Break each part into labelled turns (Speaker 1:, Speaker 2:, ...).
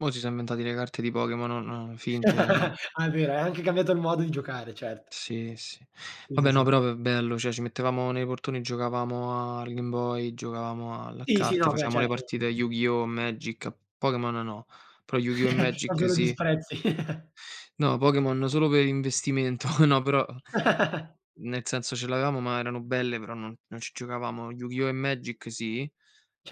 Speaker 1: Mo' si so' inventati le carte dei Pokémon non finte, ehm
Speaker 2: Ah è vero, è anche cambiato il modo di giocare, certo.
Speaker 1: Sì, sì.
Speaker 2: Sì, sì,
Speaker 1: Vabbè no,
Speaker 2: sì.
Speaker 1: però v bello, cioè ci mettevamo nei portoni e giocavamo al Game Boy, giocavamo al a
Speaker 2: Sì, sì,
Speaker 1: carte,
Speaker 2: no, beh
Speaker 1: facevamo le
Speaker 2: certo.
Speaker 1: partite a Yu-Gi-Oh! Magic, a Pokémon no, però Yu-Gi-Oh! e
Speaker 2: Non
Speaker 1: Magic
Speaker 2: solo
Speaker 1: sì.
Speaker 2: disprezzi.
Speaker 1: No, Pokémon solo per investimento, no, però n nel senso, ce l'avevamo ma erano belle, però non non ci giocavamo. Yu-Gi-Oh! e Magic sì,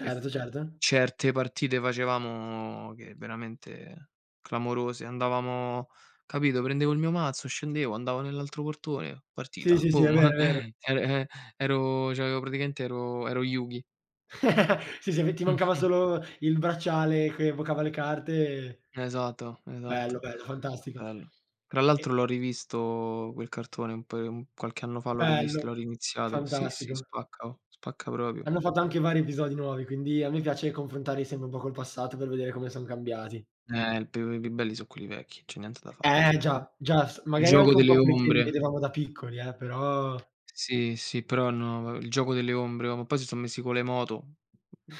Speaker 1: e f
Speaker 2: certo.
Speaker 1: certe partite facevamo che veramente clamorose. Andavamo capito? Prendevo il mio mazzo, scendevo, andavo nell'altro portone,
Speaker 2: Sì,
Speaker 1: partita,
Speaker 2: sì, sì, è
Speaker 1: boom,
Speaker 2: vero, è vero.
Speaker 1: er e ero cioè avevo praticamente ero ero Yugi.
Speaker 2: Sì, sì, ve ti mancava
Speaker 1: Mh-mh.
Speaker 2: solo il bracciale che evocava le carte e
Speaker 1: esato,
Speaker 2: Bello,
Speaker 1: esato.
Speaker 2: bello, fantastico.
Speaker 1: Bello. Tra
Speaker 2: E
Speaker 1: l'altro l'ho rivisto quel cartone, un paio un qualche anno fa l'ho
Speaker 2: Bello,
Speaker 1: rivisto, l'ho riniziato. Sì, sì
Speaker 2: fantastico.
Speaker 1: spacca oh, spacca proprio.
Speaker 2: Hanno fatto anche vari episodi nuovi, quindi a me piace confrontarli sempre un po' col passato per vedere come son cambiati.
Speaker 1: Eh il più i più belli so' quelli vecchi, c'è niente da fa'.
Speaker 2: Eh già, già, s
Speaker 1: Il
Speaker 2: magari
Speaker 1: giogo
Speaker 2: anche un po'
Speaker 1: delle
Speaker 2: perché li
Speaker 1: ombre.
Speaker 2: vedevamo da piccoli eh, però
Speaker 1: Sì, sì, però no va il gioco delle ombre, oh ma poi si so' messi con le moto,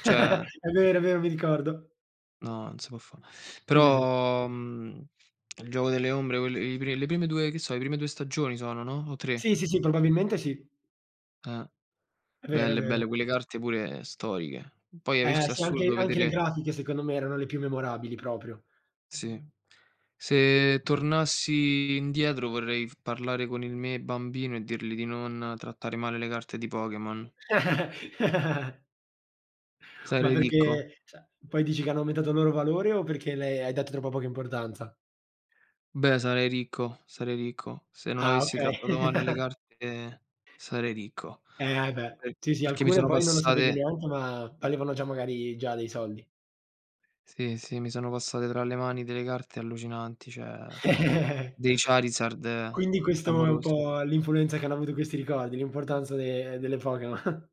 Speaker 1: cioè
Speaker 2: È vero, è vero, mi ricordo.
Speaker 1: No, non se po' fa'.
Speaker 2: Sì, sì, sì.
Speaker 1: Però, mhmm, il giogo delle ombre, quelle i pre le prime 2 che so', le prime 2 stagioni sono, no, o 3?
Speaker 2: Sì, sì, sì probabilmente sì.
Speaker 1: Eh!
Speaker 2: È vero, è
Speaker 1: Belle,
Speaker 2: vero.
Speaker 1: belle, Quelle carte pure storiche. Poi hai
Speaker 2: Eh
Speaker 1: visto, è
Speaker 2: sì anche
Speaker 1: assurdo
Speaker 2: anche le
Speaker 1: vedere
Speaker 2: grafiche secondo me erano le più memorabili proprio.
Speaker 1: Sì, se tornassi indietro vorrei f parlare con il me bambino e dirli di non trattare male le carte di Pokémon.
Speaker 2: Ma
Speaker 1: Sarei ricco.
Speaker 2: perché, cioè, poi dici che hanno aumentato il loro valore, o perché le hai dato troppa poca importanza?
Speaker 1: Beh, sarei ricco, sarei ricco. Se non
Speaker 2: Ah
Speaker 1: avessi
Speaker 2: okay.
Speaker 1: trattato male le carte, sarei ricco.
Speaker 2: Eh, ah, e beh.
Speaker 1: Per
Speaker 2: Sì, sì,
Speaker 1: perché mi
Speaker 2: alcune
Speaker 1: sono
Speaker 2: poi non lo sapevi
Speaker 1: passate
Speaker 2: neanche, ma valevano già magari già dei soldi.
Speaker 1: Sì, sì, mi sono passate tra le mani delle carte allucinanti, cioè dei Charizard
Speaker 2: Quindi questo è un
Speaker 1: clamorosi.
Speaker 2: po' l'influenza che hanno avuto questi ricordi, l'importanza de delle Pokemo